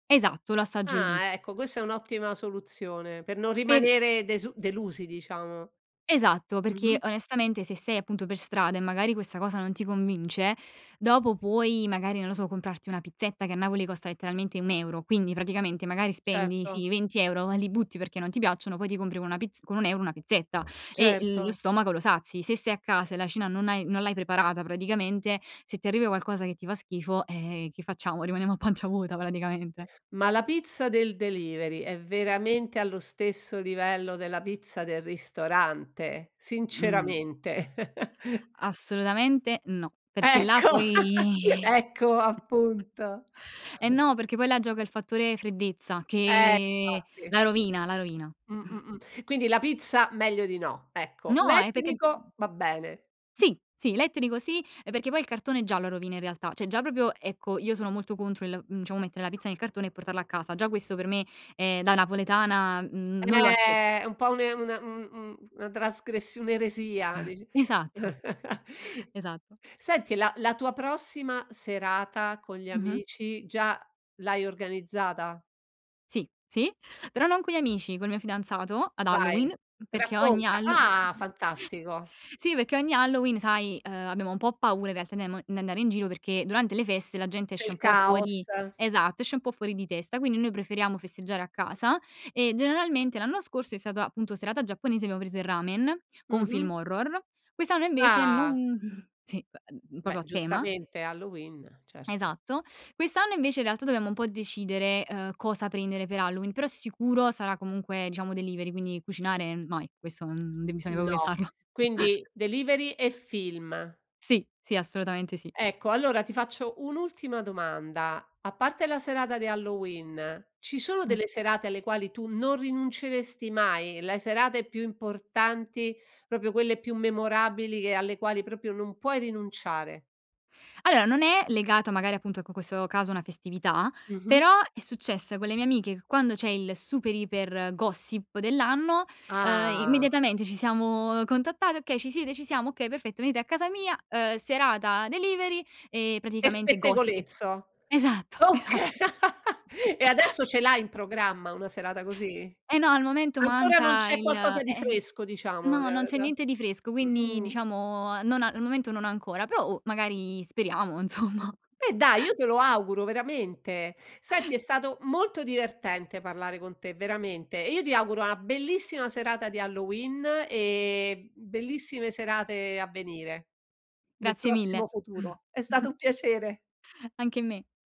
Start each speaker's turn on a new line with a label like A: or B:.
A: Esatto, l'assaggio lì.
B: Ah ecco, questa è un'ottima soluzione, per non
A: Per
B: rimanere desu delusi diciamo.
A: Esatto, perché
B: Mh-mh.
A: onestamente se sei appunto per strada e magari questa cosa non ti convince, dopo puoi magari, non lo so, comprarti una pizzetta che a Napoli costa letteralmente 1€. Quindi praticamente magari spendi,
B: Certo.
A: sì, 20€, li butti perché non ti piacciono, poi ti compri con una pizz con 1€ una pizzetta e l lo
B: Certo.
A: stomaco lo sazi. Se sei a casa e la cena non hai non l'hai preparata praticamente, se ti arriva qualcosa che ti fa schifo, eh che facciamo? Rimaniamo a pancia vuota praticamente.
B: Ma la pizza del delivery è veramente allo stesso livello della pizza del ristorante?
A: Mh.
B: Sinceramente.
A: Assolutamente no, perché là
B: Ecco.
A: poi
B: Ecco appunto.
A: eh no, perché poi là gioca il fattore freddezza
B: Eh
A: che
B: infatti.
A: la rovina la rovina.
B: Mh, mh, mh. Quindi la pizza meglio di no, ecco.
A: No, è perché
B: L'etnico va bene.
A: Sì, sì, elettrico sì, ehm, perché poi il cartone già lo rovina in realtà, cioè già proprio ecco io sono molto contro il, mhmm, diciamo mettere la pizza nel cartone e portarla a casa. Già questo per me, ehm, da napoletana n non lo acce
B: Eh è un po' una un un un una trasgressi un'eresia dici
A: Esatto. Esatto.
B: senti la la tua prossima serata con gli
A: Mh-mh.
B: amici già l'hai organizzata?
A: Sì, sì, però non con gli amici, col mio fidanzato ad
B: Vai,
A: Halloween, perché ogni
B: racconta.
A: Hallo
B: Ah! Fantastico.
A: Sì perché ogni Halloween, sai, uhm abbiamo un po' paura in realtà di amo di andare in giro perché durante le feste la gente
B: C'è
A: esce
B: il
A: un po'
B: caos.
A: fuori esatto esce un po' fuori di testa quindi noi preferiamo festeggiare a casa e generalmente l'anno scorso è stata appunto serata giapponese abbiamo preso il ramen con un
B: Mh-mh.
A: film horror quest'anno invece
B: Ah!
A: non sì, beh,
B: Beh,
A: proprio a tema.
B: giustamente, è Halloween, certo.
A: Esatto. Quest'anno invece in realtà dobbiamo un po' decidere, uhm, cosa prendere per Halloween, però sicuro sarà comunque diciamo delivery, quindi cucinare no, questo, n non bisogna proprio
B: No,
A: pensarlo.
B: quindi delivery e film.
A: Sì, sì, assolutamente sì.
B: Ecco allora ti faccio un'ultima domanda, a parte la serata di Halloween, ci sono
A: Mh.
B: delle serate alle quali tu non rinunceresti mai? Le serate più importanti, proprio quelle più memorabili che alle quali proprio non puoi rinunciare?
A: Allora non è legato magari appunto ecco questo caso a una festività,
B: Mh-mh.
A: però è successo con le mie amiche che quando c'è il super iper gossip dell'anno, uhm,
B: Ah.
A: immediatamente ci siamo contattate: "Okay ci siete?" "Ci siamo", "Okay perfetto venite a casa mia" uhm serata delivery e
B: E
A: praticamente gossip.
B: spettegolezzo.
A: Esatto,
B: Oka
A: esatto.
B: e adesso ce l'hai in programma una serata così?
A: Eh no al momento
B: Ancora non
A: manca
B: c'è
A: il
B: qualcosa di
A: eh,
B: fresco diciamo
A: no,
B: da
A: non c'è
B: da
A: niente di fresco quindi
B: mhmm.
A: diciamo non a al momento non ancora però oh magari speriamo insomma.
B: Eh dai, io te lo auguro veramente. Senti è stato molto divertente parlare con te veramente e io ti auguro una bellissima serata di Halloween e bellissime serate a venire nel
A: Grazie mille.
B: prossimo futuro. È stato un piacere.
A: Anche a me.